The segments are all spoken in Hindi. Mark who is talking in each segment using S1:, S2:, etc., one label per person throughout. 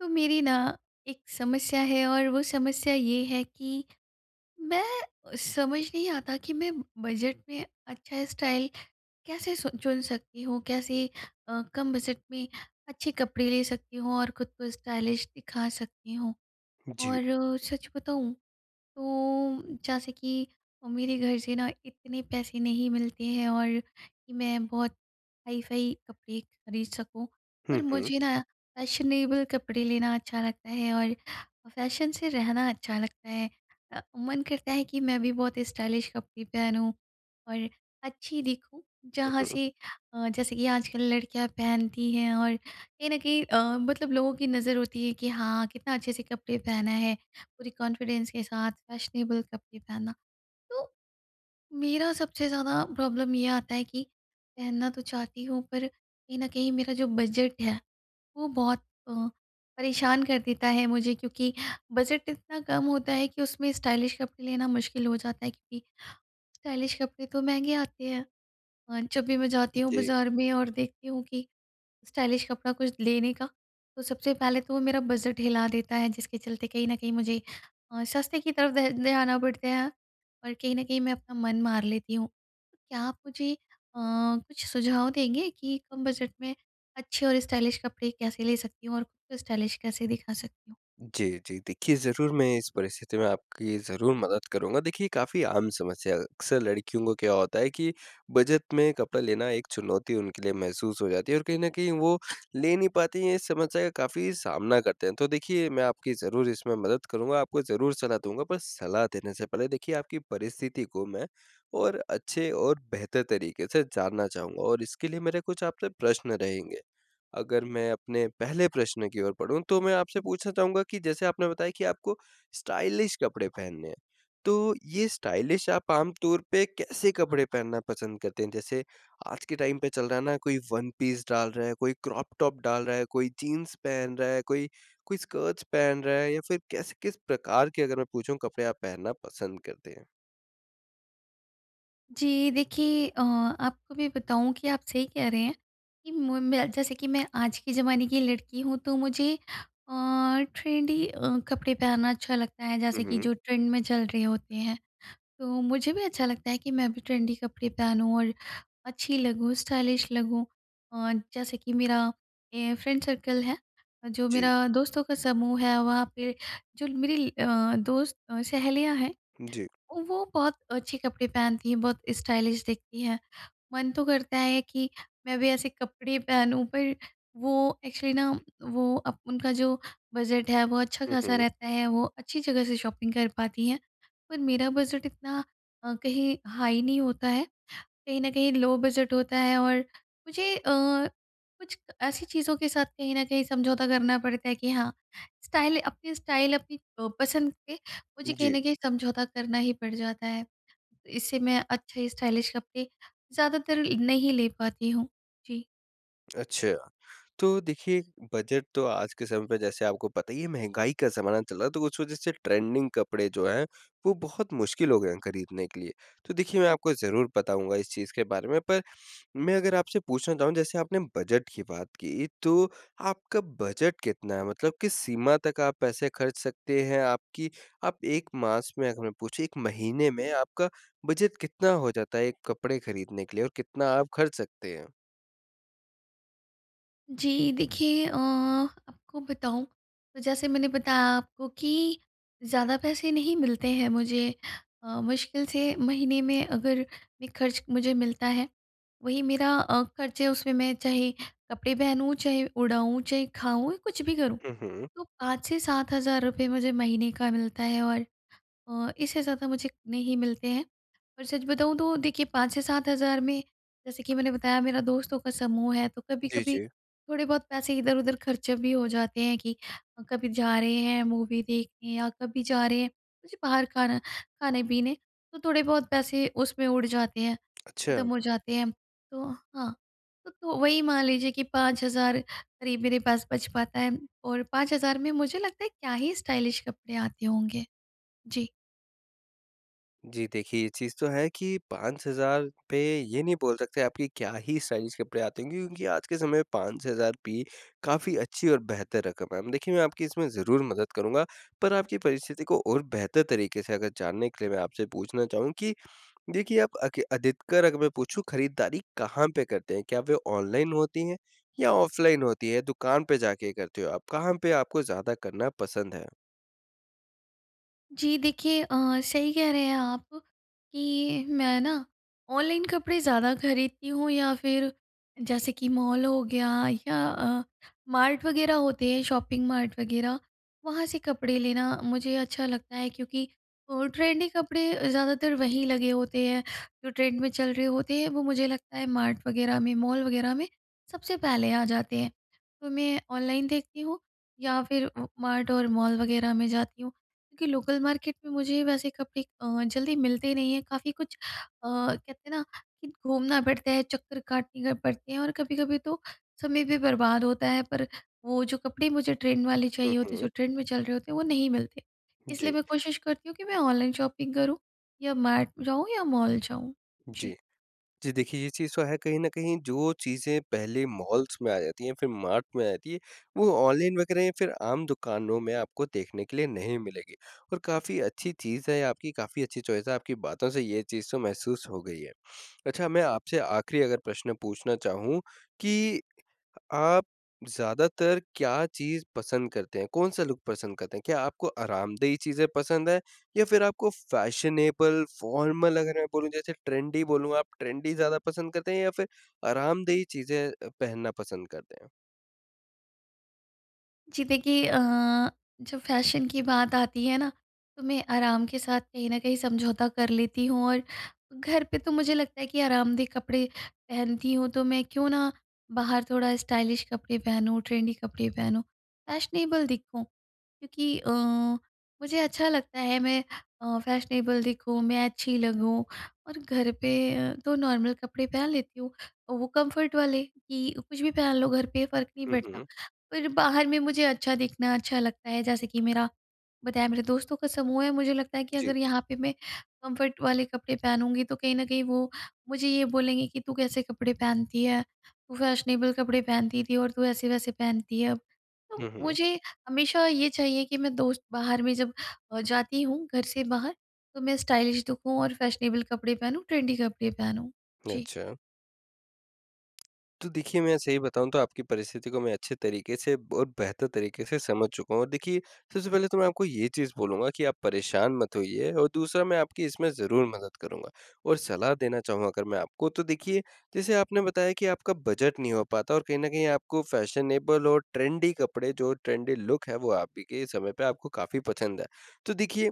S1: तो मेरी न एक समस्या है और वो समस्या ये है कि मैं समझ नहीं आता कि मैं बजट में अच्छा स्टाइल कैसे सु चुन सकती हूँ, कैसे अ, कम बजट में अच्छे कपड़े ले सकती हूँ और खुद को स्टाइलिश दिखा सकती हूँ।
S2: जी।
S1: और सच बताऊँ तो जैसे कि मेरे घर से न इतने पैसे नहीं मिलते हैं और मैं बहुत हाई-फ़ाई कपड़े ख़रीद सकूँ
S2: हुँ,
S1: और
S2: हुँ।
S1: मुझे न फैशनेबल कपड़े लेना अच्छा लगता है और फ़ैशन से रहना अच्छा लगता है। अ, मन करता है कि मैं भी बहुत स्टाइलिश कपड़े पहनूँ और अच्छी दिखूँ।
S2: हुँ,
S1: जहाँ
S2: हुँ।
S1: से अ जैसे कि आजकल लड़कियाँ पहनती हैं और कहीं न कहीं अ, मतलब लोगों की नज़र होती है कि हाँ, कितना अच्छे से कपड़े पहना है, पूरी कॉन्फिडेंस के साथ फ़ैशनेबल कपड़े पहनना। तो मेरा सबसे ज़्यादा प्रॉब्लम ये आता है कि पहनना तो चाहती हूँ पर कहीं न कहीं मेरा जो बजट है वो बहुत अ, परेशान कर देता है मुझे क्योंकि बजट इतना कम होता है कि उसमें स्टाइलिश कपड़े लेना मुश्क़िल हो जाता है क्योंकि स्टाइलिश कपड़े तो महँगे आते हैं। अ, जब भी मैं जाती हूँ
S2: जी।
S1: बाज़ार में और देखती हूँ कि स्टाइलिश कपड़ा कुछ लेने का, तो सबसे पहले तो वो मेरा बजट हिला देता है जिसके चलते कहीं न कहीं मुझे अ, सस्ते की तरफ़ ध ध्यान आ पड़ता है और कहीं न कहीं मैं अपना मन मार लेती हूँ। क्या आप मुझे अ, कुछ सुझाव देंगे कि कम बजट में अच्छे और स्टाइलिश कपड़े कैसे ले सकती हूँ और खुद को स्टाइलिश कैसे दिखा सकती हूँ?
S2: जी, जी। देखिए, ज़रूर मैं इस परिस्थिति में आपकी ज़रूर मदद करूँगा। देखिए काफ़ी आम समस्या, अक्सर लड़कियों का क्या होता है कि बजट में कपड़ा लेना एक चुनौती उनके लिए महसूस हो जाती है और कहीं न कहीं वो ले नहीं पाती हैं इस समस्या का काफ़ी सामना करते हैं। तो देखिए मैं आपकी ज़रूर इसमें मदद करूँगा आपको ज़रूर सलाह दूँगा। पर सलाह देने से पहले देखिए आपकी परिस्थिति को मैं और अच्छे और बेहतर तरीके से जानना चाहूँगा और इसके लिए मेरे कुछ आपसे प्रश्न रहेंगे। अगर मैं अपने पहले प्रश्न की ओर बढ़ूँ तो मैं आपसे पूछना चाहूँगा कि जैसे आपने बताया कि आपको स्टाइलिश कपड़े पहनने हैं, तो ये स्टाइलिश आप आमतौर पे कैसे कपड़े पहनना पसंद करते हैं? जैसे आज के टाइम पे चल रहा है न कोई वन पीस डाल रहा है, कोई क्रॉप टॉप डाल रहा है, कोई जीन्स पहन रहा है, कोई कोई स्कर्ट्स पहन रहा है या फिर कैसे किस प्रकार के अगर मैं पूछूँ कपड़े पहनना पसंद करते हैं?
S1: जी। देखिए, अ, आपको भी बताऊँ कि आप सही कह रहे हैं कि म मैं जैसे कि मैं आज के ज़माने की लड़की हूँ तो मुझे अ, ट्रेंडी अ, कपड़े पहनना अच्छा लगता है
S2: हुँ,
S1: जैसे कि
S2: हुँ।
S1: जो ट्रेंड में चल रहे होते हैं। तो मुझे भी अच्छा लगता है कि मैं भी ट्रेंड कपड़े पहनूँ और अच्छी लगूँ, स्टाइलिश लगूँ। अ, जैसे कि मेरा ए फ्रेंड सर्कल है जो
S2: जी।
S1: मेरा दोस्तों का समूह है वहाँ पे जो मेरी अ, दोस्त सहेलियाँ हैं
S2: जी।
S1: वो बहुत अच्छे कपड़े पहनती हैं बहुत स्टाइलिश दिखती हैं। मन तो करता है कि मैं भी ऐसे कपड़े पहनूँ पर वो एक्चुअली न वो अब उनका जो बजट है वो
S2: हुँ,
S1: अच्छा-खासा
S2: हुँ।
S1: रहता है वो अच्छी जगह से शॉपिंग कर पाती हैं। पर मेरा बजट इतना अ, कहीं हाई नहीं होता है कहीं न कहीं लो बजट होता है और मुझे अ, कुछ ऐसी चीज़ों के साथ कहीं न कहीं समझौता करना पड़ता है कि हाँ, स्टाइल अपनी स्टाइल अपनी अ, पसंद पे मुझे कहीं
S2: जी।
S1: न कहीं समझौता करना ही पड़ जाता है। इससे मैं अच्छे स्टाइलिश कपड़े ज़्यादातर नहीं ले पाती हूँ। जी।
S2: अच्छा। तो देखिए बजट तो आज के समय में जैसे आपको पता ही है महँगाई का जमाना चल रहा है तो उस वजह से ट्रेंडिंग कपड़े जो हैं वो बहुत मुश्किल हो गए हैं खरीदने के लिए। तो देखिए मैं आपको ज़रूर बताऊँगा इस चीज़ के बारे में पर मैं अगर आपसे पूछना चाहूँ जैसे आपने बजट की बात की तो आपका बजट कितना है मतलब किस सीमा तक आप पैसे खर्च सकते हैं आपकी आप 1 मास में अगर मैं पूछे 1 महीने में आपका बजट कितना हो जाता है एक कपड़े खरीदने के लिए और कितना आप खर्च सकते हैं?
S1: जी। देखिए, अ, आपको बताऊँ तो जैसे मैंने बताया आपको कि ज़्यादा पैसे नहीं मिलते हैं मुझे। अ, मुश्किल से महीने में अगर एक खर्च मुझे मिलता है वही मेरा अ, खर्च है उसमें मैं चाहे कपड़े पहनूँ, चाहे उड़ाऊँ, चाहे खाऊँ या कुछ भी करूँ।
S2: हुँ, हुँ।
S1: तो 5 से 7 हजार रुपए मुझे महीने का मिलता है और अ, इससे ज़्यादा मुझे नहीं मिलते हैं। और सच बताऊँ तो देखिए 5 से 7 हजार में जैसे कि मैंने बताया मेरा दोस्तों का समूह है तो
S2: जी,
S1: कभी-कभी
S2: जी।
S1: थोड़े-बहुत पैसे इधर-उधर खर्च भी हो जाते हैं कि कभी जा रहे हैं मूवी देखने या कभी जा रहे हैं मुझे बाहर खाना खाने-पीने तो थोड़े बहुत पैसे उसमें उड़ जाते हैं, ख़त्म
S2: अच्छा।
S1: हो जाते हैं। तो हाँ। त तो वही मान लीजिए कि 5,000 करीब मेरे पास बच पाता है और 5,000 में मुझे लगता है क्या ही स्टाइलिश कपडे आते होंगे? जी।
S2: जी, देखिए ये चीज़ तो है कि 5,000 पे ये नहीं बोल सकते आप कि क्या ही स्टाइलिश कपड़े आते होंगे, क्योंकि आज के समय में 5,000 भी काफ़ी अच्छी और बेहतर रकम हैं। देखिए मैं आपकी इसमें ज़रूर मदद करूँगा, पर आपकी परिस्थिति को और बेहतर तरीके से अगर जानने के लिए मैं आपसे पूछना चाहूँ, कि देखिए आप अक अधिकतर अगर मैं पूछूँ खरीदारी कहाँ पे करते हैं? क्या वे ऑनलाइन होती हैं या ऑफलाइन होती हैं? दुकान पे जा के करते हो आप? कहाँ पे आपको ज़्यादा करना पसंद है?
S1: जी देखिए, अ, सही कह रहे हैं आप, कि मैं ना ऑनलाइन कपड़े ज़्यादा खरीदती हूँ या फिर जैसे कि मॉल हो गया या अ, मार्ट वगैरह होते हैं शॉपिंग मार्ट वगैरह। वहाँ से कपड़े लेना मुझे अच्छा लगता है। क्योंकि अ, ट्रेंडी कपड़े ज़्यादातर वहीं लगे होते हैं जो ट्रेंड में चल रहे होते हैं वो मुझे लगता है मार्ट वगैरह में मॉल वगैरह में सबसे पहले आ जाते हैं। तो मैं ऑनलाइन देखती हूँ या फिर उ मार्ट और मॉल वगैरह में जाती हूँ क्योंकि लोकल मार्केट में मुझे वैसे कपड़े अ, जल्दी मिलते नहीं हैं काफ़ी कुछ अ, कहते हैं ना, कि घूमना पड़ता है, चक्कर काटने पड़ते हैं, और कभी-कभी तो समय भी बर्बाद होता है। पर वो जो कपड़े मुझे ट्रेंड वाले
S2: हुँ,
S1: चाहिए होते जो
S2: हुँ।
S1: ट्रेंड में चल रहे होते हैं, वो नहीं मिलते। इसलिए
S2: जी।
S1: मैं कोशिश करती हूँ, कि मैं ऑनलाइन शॉपिंग करूँ या मार्ट जाऊँ या मॉल जाऊँ। जी।
S2: जी। जी, देखिए ये चीज़ तो है, कहीं न कहीं जो चीज़ें पहले मॉल्स में आ जाती हैं, फिर मार्ट में आ जाती हैं, वो ऑनलाइन वगैरह या फिर आम दुकानों में आपको देखने के लिए नहीं मिलेंगी। और काफ़ी अच्छी चीज़ है, आपकी काफ़ी अच्छी चॉइस है आपकी बातों से ये चीज़ तो महसूस हो गई हैं। अच्छा मैं आपसे आखिरी अगर प्रश्न पूछना चाहूँ, कि आप ज़्यादातर क्या चीज़ पसंद करते हैं? कौन-सा लुक पसंद करते हैं? क्या आपको आरामदेही चीज़ें पसंद हैं? या फिर आपको फैशनेबल, फॉर्मल अगर मैं बोलूँ जैसे ट्रेंडी बोलूँ आप ट्रेंडी ज़्यादा पसंद करते हैं या फिर आरामदेही चीज़ें अ, पहनना पसंद करते हैं?
S1: जी, देखिए अ, जब फैशन की बात आती है न? तो मैं आराम के साथ कहीं न कहीं समझौता कर लेती हूँ और घर पे तो मुझे लगता है कि आरामदेह कपड़े पहनती हूँ, तो मैं क्यों ना बाहर थोड़ा स्टाइलिश कपड़े पहनूँ, ट्रेंडी कपड़े पहनूँ, फैशनेबल दिखूँ। क्योंकि अ, मुझे अच्छा लगता है मैं अ, फैशनेबल दिखूँ, मैं अच्छी लगूँ और घर पे अ, तो नॉर्मल कपड़े पहन लेती हूँ और वो कम्फर्ट वाले की कुछ भी पहन लो घर पे फ़र्क नहीं
S2: हुँ,
S1: पड़ता।
S2: हुँ।
S1: पर बाहर में मुझे अच्छा दिखना अच्छा लगता है जैसे कि मेरा बताया मेरे दोस्तों का समूह है मुझे लगता है कि
S2: जी।
S1: अगर यहाँ पे मैं कम्फर्ट वाले कपड़े पहनूँगी, तो कहीं न कहीं वो मुझे ये बोलेंगे कि तू कैसे कपड़े पहनती है? तू फैशनेबल कपड़े पहनती थी और तू ऐसे-वैसे पहनती है अब। तो
S2: हुँ, हुँ।
S1: मुझे हमेशा ये चाहिए कि मैं दोस्त बाहर में जब अ, जाती हूँ घर से बाहर तो मैं स्टाइलिश दिखूँ और फैशनेबल कपड़े पहनूँ ट्रेंडी कपड़े पहनूँ। जी।
S2: अच्छा। तो देखिए, मैं सही बताऊँ तो आपकी परिस्थिति को मैं अच्छे तरीके से और बेहतर तरीके से समझ चुका हूँ और देखिए सबसे पहले तो मैं आपको ये चीज़ बोलूँगा, कि आप परेशान मत होइए और दूसरा मैं आपकी इसमें ज़रूर मदद करूँगा। और सलाह देना चाहूँ अगर मैं आपको, तो देखिए जैसे आपने बताया कि आपका बजट नहीं हो पाता और कहीं न कहीं आपको फैशनेबल और ट्रेंडी कपड़े जो, ट्रेंडी लूक हैं वो आप ही के समय पे आपको काफ़ी पसंद हैं। देखिए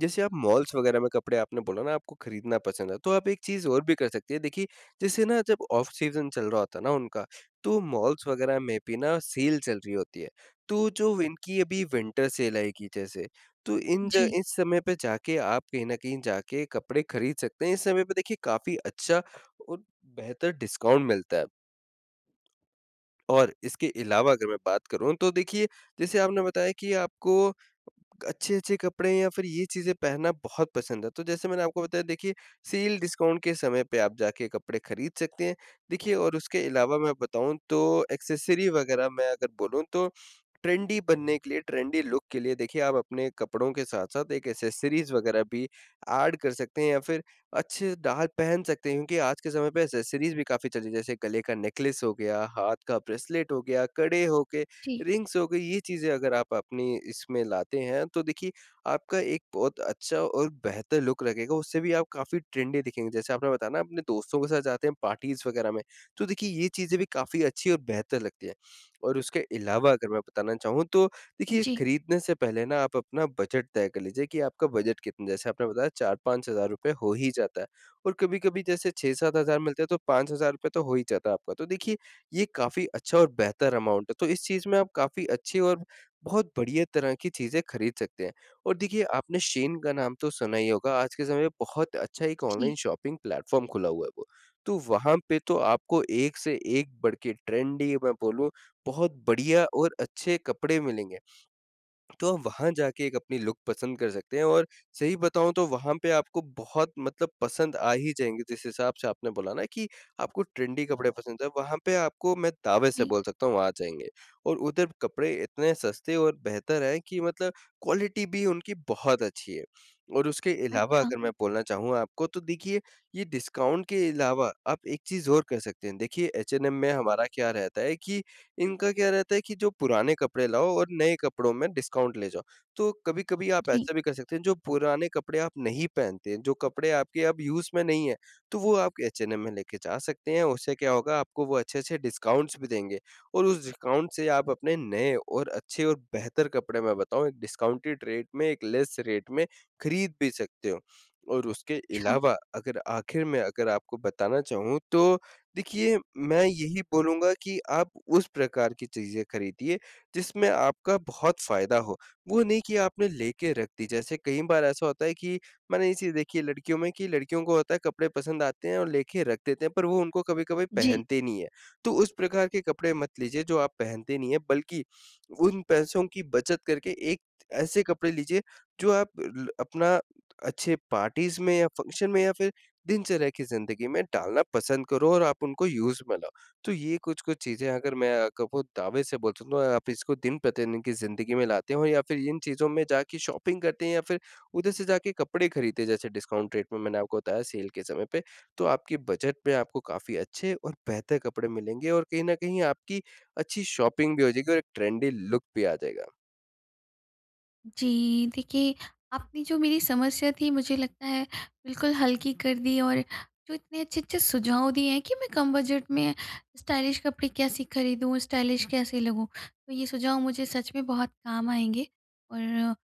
S2: जैसे आप मॉल्स वग़ैरह में कपड़े आपने बोला न आपको खरीदना पसंद है तो आप एक चीज़ और भी कर सकते हैं, देखिए जैसे न जब ऑफ सीजन चल रहा होता है न उनका, तो मॉल्स वग़ैरह में भी न सेल चल रही होती है। तो जो इनकी अभी विंटर सेल आएगी जैसे, तो इन ज
S1: जी।
S2: इस समय पे जाके आप कहीं न कहीं जाके, कपड़े खरीद सकते हैं। इस समय पे देखिए काफ़ी अच्छा और बेहतर डिस्काउंट मिलता है। और इसके अलावा अगर मैं बात करूँ तो देखिए, जैसे आपने बताया कि आपको अच्छे-अच्छे कपड़े या फिर ये चीज़ें पहनना बहुत पसंद है। तो जैसे मैंने आपको बताया देखिए सेल डिस्काउंट के समय पे आप जाके कपड़े खरीद सकते हैं। देखिए और उसके अलावा मैं बताऊँ तो एक्सेसरी वग़ैरह मैं अगर बोलूँ तो ट्रेंडी बनने के लिए ट्रेंडी लुक के लिए देखिए आप अपने कपड़ों के साथ-साथ एक एक्सेसरीज वग़ैरह भी एड कर सकते हैं या फिर अच्छे से डाल पहन सकते हैं क्योंकि आज के समय पे एक्सेसरीज भी काफ़ी चल रही है जैसे गले का नेकलेस हो गया, हाथ का ब्रेसलेट हो गया, कड़े हो गए,
S1: जी।
S2: रिंग्स हो गईं, ये चीज़ें अगर आप अपनी इसमें लाते हैं, तो देखिए आपका एक बहुत अच्छा और बेहतर लुक लगेगा उससे भी आप काफ़ी ट्रेंडी दिखेंगे। जैसे आपने बताया न अपने दोस्तों के साथ जाते हैं पार्टीज़ वग़ैरह में। तो देखिए ये चीज़ें भी काफ़ी अच्छी और बेहतर लगती हैं। और उसके अलावा अगर मैं बताना चाहूँ तो देखिए
S1: जी।
S2: खरीदने से पहले न आप अपना बजट तय कर लीजिए कि, आपका बजट कितना है? जैसे आपने बताया 4-5 हज़ार रुपए हो ही जाता है और कभी-कभी जैसे 6-7 हज़ार मिलते हैं तो ₹5,000 तो हो ही जाता है आपका। तो देखिए ये काफ़ी अच्छा और बेहतर अमाउंट है तो इस चीज में आप काफ़ी अच्छी और बहुत बढिया तरह की चीजें खरीद सकते हैं। और देखिए आपने शेन का नाम तो सुना ही होगा, आज के समय में बहुत अच्छा एक
S1: जी।
S2: ऑनलाइन शॉपिंग प्लेटफॉर्म खुला हुआ है वो। तो वहाँ पे तो आपको एक से एक बढ़के ट्रेंडी मैं बोलूँ बहुत बढ़िया और अच्छे कपड़े मिलेंगे। तो आप वहाँ जाके अपनी लुक पसंद कर सकते हैं और सही बताऊँ, तो वहाँ पे आपको बहुत मतलब पसंद आ ही जाएँगे जिस हिसाब से आपने बोला न कि आपको ट्रेंडी कपड़े पसंद हैं। वहाँ पे आपको, मैं दावे से
S1: जी।
S2: बोल सकता हूँ आ जाएँगे। और उधर कपड़े इतने सस्ते और बेहतर है कि मतलब क्वालिटी भी उनकी बहुत अच्छी है। और उसके अलावा
S1: अच्छा।
S2: अगर मैं बोलना चाहूँ आपको तो देखिए ये डिस्काउंट के अलावा आप एक चीज़ और कर सकते हैं, देखिए एचएनएम में हमारा क्या रहता है कि इनका क्या रहता है कि जो पुराने कपड़े लाओ और नए कपड़ों में डिस्काउंट ले जाओ। तो कभी-कभी आप
S1: जी।
S2: ऐसा भी कर सकते हैं, जो पुराने कपड़े आप नहीं पहनते जो कपड़े आपके अब यूज़ में नहीं हैं तो वो आप एचएनएम में लेके जा सकते हैं उससे क्या होगा आपको वो अच्छे-अच्छे डिस्काउंट्स भी देंगे। और उस डिस्काउंट से आप अपने नए और अच्छे और बेहतर कपड़े मैं बताऊँ एक डिस्काउंटेड रेट में एक लेस रेट में खरीद भी सकते हो। और उसके
S1: अच्छा।
S2: अलावा अगर आखिर में, अगर आपको बताना चाहूँ तो देखिए मैं यही बोलूँगा कि आप उस प्रकार की चीज़ें खरीदिए जिसमें आपका बहुत फ़ायदा हो, वो नहीं कि आपने लेके रख दी। जैसे कई बार ऐसा होता है कि मैंने ये चीज़ देखी है लड़कियों में कि लड़कियों को होता है कपड़े पसंद आते हैं और लेके रख देते हैं पर वो उनको कभी-कभी
S1: जी।
S2: पहनते नहीं है। तो उस प्रकार के कपड़े मत लीजिए जो आप पहनते नहीं हैं, बल्कि उन पैसों की बचत करके एक ऐसे कपड़े लीजिए जो आप अ ल अपना अच्छे पार्टीज में या फंक्शन में या फिर दिनचर्या की ज़िंदगी में डालना पसंद करो और आप उनको यूज़ में लाओ। तो ये कुछ-कुछ चीज़ें अगर मैं आपको दावे से बोल सकता हूँ आप इसको दिन-प्रतिदिन की ज़िंदगी में लाते हो या फिर इन चीज़ों में जाके शॉपिंग करते हैं या फिर उधर से जाके कपड़े खरीदते हैं जैसे डिस्काउंट रेट में मैंने आपको बताया सेल के समय पे तो आपके बजट में आपको काफ़ी अच्छे और बेहतर कपड़े मिलेंगे और कहीं न कहीं आपकी अच्छी शॉपिंग भी हो जाएगी और एक ट्रेंडी लूक भी आ जाएगा।
S1: जी देखिए, आपने जो मेरी समस्या थी मुझे लगता है बिल्कुल हल्की कर दी और जो इतने अच्छे-अच्छे सुझाव दिए हैं कि मैं कम बजट में स्टाइलिश कपड़े कैसी खरीदूँ स्टाइलिश कैसे लगूँ। तो ये सुझाव मुझे सच में बहुत काम आएँगे। और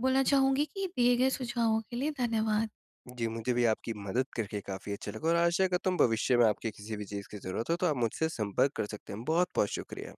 S1: बोलना चाहूँगी कि दिए गए सुझावों के लिए धन्यवाद।
S2: जी, मुझे भी आपकी मदद करके काफ़ी अच्छा लगा और आशा करता हूँ, भविष्य में आपकी किसी भी चीज़ की ज़रूरत हो, तो आप मुझसे संपर्क कर सकते हैं। बहुत-बहुत शुक्रिया।